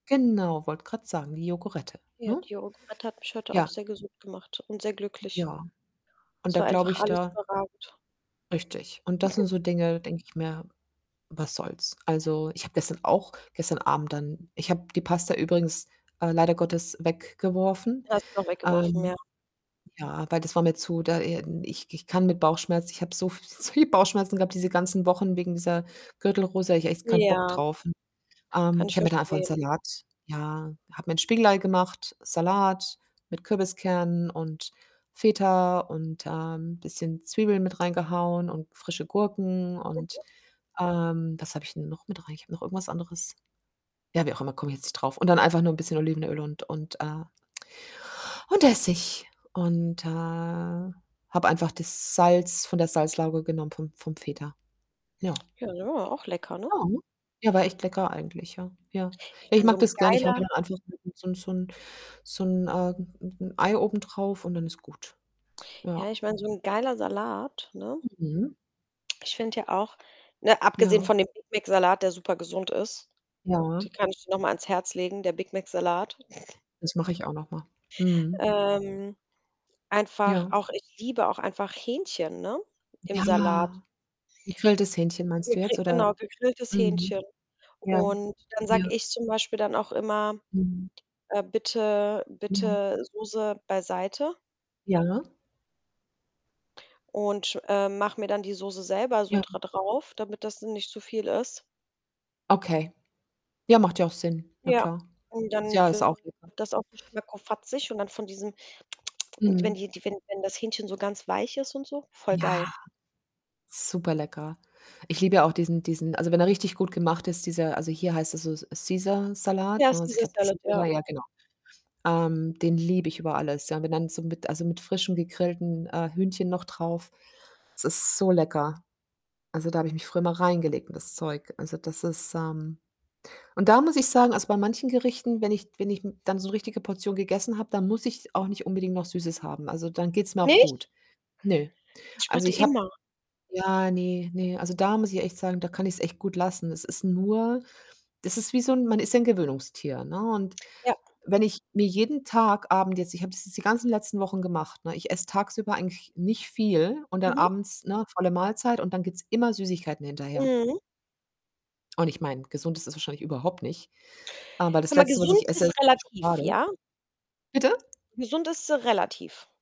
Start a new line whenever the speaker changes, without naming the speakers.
Genau, wollte grad sagen, die Yogurette,
Ja,
ne?
die Yogurette hat mich heute auch
Ja.
sehr gesund gemacht und sehr glücklich.
Ja. Und
Es
da
war
glaube
einfach
ich
alles
da
überragend.
Richtig, und das sind so Dinge, denke ich mir: „Was soll's?“ Also, ich habe gestern auch gestern Abend dann ich habe die Pasta übrigens, äh, leider Gottes weggeworfen.
Die hast du noch weggeworfen,
Ähm,
ja.
ja, aber das war mir zu da, ähm ich k ich kann mit Bauchschmerzen ich habe so so viel Bauchschmerzen gehabt diese ganzen Wochen wegen dieser Gürtelrose, da hatte ich echt keinen Bock
Ja.
drauf. [unintelligible] Ähm,
Kann
ich
ich
habe mir dann einfach 'n
verstehen.
Salat ja, habe mir 'n Spiegelei gemacht, Salat mit Kürbiskern und Feta und, ähm, bisschen Zwiebeln mit reingehauen und frische Gurken und
Mhm.
ähm, was habe ich 'n noch mit rein? Ich habe noch irgendwas anderes ja, wie auch immer, komme ich jetzt nicht drauf und dann einfach nur 'n bisschen Olivenöl und und, äh und Essig. Und, äh, habe einfach das Salz von der Salzlauge genommen vom vom Feta. Ja.
Ja, genau, auch lecker, ne?
Ja. Ja, war echt lecker eigentlich, ja. Ja.
Ich
Ja, ich
meine, so
mag
'n
das gerne. Ich haue mir
geiler
dann einfach 'n 'n so 'n so 'n so 'n, ähm 'n 'n Ei oben drauf und dann ist gut. Ja.
Ja, ich meine, so 'n geiler Salat, ne?
Mhm.
Ich finde ja auch ne, abgesehen
Ja.
von dem Big Mac-Salat, der super gesund ist. Die
Ja.
kann ich dir noch mal ans Herz legen, der Big Mac-Salat.
Das mache ich auch noch mal. Mhm.
Ähm. Einfach
Ja.
auch ich liebe auch einfach Hähnchen, ne, im Salat.
Ja. Gegrilltes Hähnchen meinst du
Gegri
jetzt,
genau,
oder
gegrilltes Hähnchen.
mhm. Ja.
Und dann
Ja.
sage ich zum Beispiel dann auch immer:
Mhm.
„Äh, bitte,
Ja.
bitte Soße beiseite.“
Ja?
Und, äh, mache mir dann die Soße selber so
Ja.
dra drauf, damit das nicht zu viel ist.
Okay. Ja, macht ja auch Sinn. Na
Ja.
klar.
Und dann
Ja, ist auch
wird
lecker.
das auch richtig schmackofatzig und dann von diesem. Die wenn
Mhm.
die wenn wenn das Hähnchen so ganz weich ist und so voll geil.
Ja, super lecker. Ich liebe ja auch diesen diesen also, wenn er richtig gut gemacht ist, dieser also, hier heißt er so
Ja,
Caesar-Salat, ne? Also, ich glaube,
Ceasar-Salad, ja.
Caesar. Ja, genau. Ähm, den liebe ich über alles, ja. Wenn dann so mit also, mit frischem gegrillten, äh, Hühnchen noch drauf. Es ist so lecker. Also, da habe ich mich früher immer reingelegt in das Zeug. Also, das ist, ähm und da muss ich sagen also, bei manchen Gerichten, wenn ich wenn ich, hm, dann so 'ne richtige Portion gegessen habe, dann muss ich auch nicht unbedingt noch Süßes haben. Also, dann geht's mir auch
Nicht?
gut. Nö.
Ich
Also,
warte
ich habe
immer.
ja, ne, ne, also, da muss ich echt sagen, da kann ich's echt gut lassen. Es ist nur das ist wie so 'n man ist ja 'n Gewöhnungstier, ne, und
Ja.
wenn ich mir jeden Tag Abend jetzt ich habe das jetzt die ganzen letzten Wochen gemacht, ne? Ich esse tagsüber eigentlich nicht viel und dann
Mhm.
abends, ne, volle Mahlzeit und dann gibt's immer Süßigkeiten hinterher.
Mhm.
Und ich meine, gesund ist es wahrscheinlich überhaupt nicht. Aber das
Hör mal,
Letzte, was
gesund
ich esse,
ist
ist
relativ,
Schokolade.
ja?
Bitte?
Gesund ist, äh, relativ.